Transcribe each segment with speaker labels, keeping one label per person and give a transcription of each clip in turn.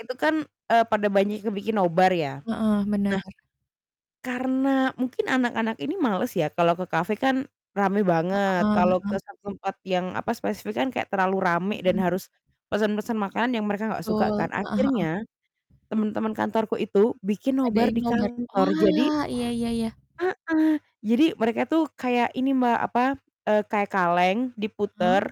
Speaker 1: Itu kan, eee, pada banyak yang bikin nobar ya.
Speaker 2: Heeh,
Speaker 1: Nah,
Speaker 2: benar.
Speaker 1: karena mungkin anak-anak ini males ya kalau ke cafe kan rame banget,
Speaker 2: Heeh
Speaker 1: kalau ke
Speaker 2: heeh.
Speaker 1: satu tempat yang, apa, spesifik kan kayak terlalu rame dan
Speaker 2: Mhm.
Speaker 1: harus pesan-pesan makanan yang mereka gak suka
Speaker 2: Betul,
Speaker 1: kan.
Speaker 2: heeh heeh.
Speaker 1: Akhirnya temen-temen kantorku itu bikin nobar
Speaker 2: Ngadain
Speaker 1: di
Speaker 2: nobar,
Speaker 1: kantor. Jadi
Speaker 2: wah iya iya iya.
Speaker 1: Heeh, jadi mereka tuh kayak ini Mbak, apa, eee, kayak kaleng
Speaker 2: Heeh.
Speaker 1: diputer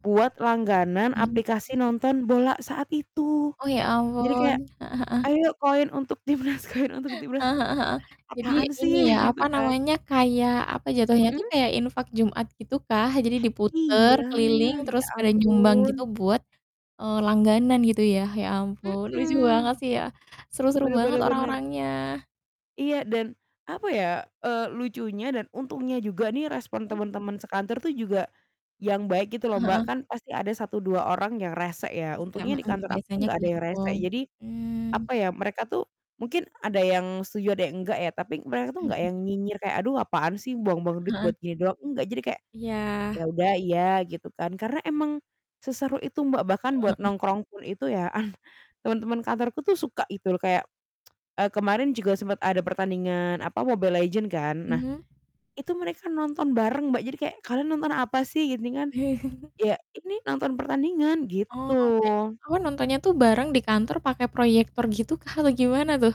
Speaker 1: buat langganan
Speaker 2: Iya,
Speaker 1: aplikasi
Speaker 2: heeh.
Speaker 1: nonton bola saat itu.
Speaker 2: Oh, ya
Speaker 1: Jadi kayak,
Speaker 2: ampun. Heeh heeh.
Speaker 1: "Ayo koin untuk Timnas koin untuk Timnas."
Speaker 2: Eee, heeh heeh. Jadi
Speaker 1: "Apaan
Speaker 2: ini ya,
Speaker 1: sih?" Gitu
Speaker 2: apa
Speaker 1: kan.
Speaker 2: namanya, kayak, apa, jatuhnya tuh,
Speaker 1: Mhm?
Speaker 2: kayak infak Jumat gitukah? Jadi diputar,
Speaker 1: Iya,
Speaker 2: keliling,
Speaker 1: ya
Speaker 2: terus pada nyumbang gitu
Speaker 1: ampun.
Speaker 2: buat, eee, langganan gitu ya. Ya ampun, lucu
Speaker 1: Mhm.
Speaker 2: banget sih ya, seru-seru
Speaker 1: Bener
Speaker 2: banget
Speaker 1: bener bener.
Speaker 2: orang-orangnya.
Speaker 1: Iya, dan, apa ya, eee, lucunya dan untungnya juga nih respon
Speaker 2: Mhm.
Speaker 1: temen-temen sekantor tuh juga yang baik gitu loh
Speaker 2: Heeh
Speaker 1: Mbak,
Speaker 2: heeh.
Speaker 1: kan pasti ada 1, 2 orang yang resek ya untungnya
Speaker 2: [unintelligible]
Speaker 1: di
Speaker 2: Mhm,
Speaker 1: kantor aku tuh
Speaker 2: biasanya
Speaker 1: nggak
Speaker 2: kayak
Speaker 1: ada yang
Speaker 2: gitu.
Speaker 1: resek. Jadi,
Speaker 2: Mmm.
Speaker 1: apa ya, mereka tuh mungkin ada yang setuju, ada yang nggak ya, tapi mereka tuh nggak
Speaker 2: Mhm.
Speaker 1: yang nyinyir kayak, "Aduh apaan sih buang-buang duit
Speaker 2: Heeh heeh.
Speaker 1: buat gini doang." Enggak, jadi kayak, "Ya
Speaker 2: Iya.
Speaker 1: udah iya." Gitu kan, karena emang seseru itu Mbak, bahkan
Speaker 2: Heeh
Speaker 1: buat
Speaker 2: heeh.
Speaker 1: nongkrong pun itu ya, an temen-temen kantorku tuh suka gitu loh kayak eee, kemarin juga sempet ada pertandingan, apa, Mobile Legends kan, nah
Speaker 2: Mmm.
Speaker 1: itu mereka nonton bareng Mbak, jadi kayak, "Kalian nonton apa sih?" Gini kan, "Ya ini nonton pertandingan."
Speaker 2: Oh oke.
Speaker 1: Gitu.
Speaker 2: Oh, nontonnya tuh bareng di kantor pakai proyektor gitu, kah, atau gimana tuh?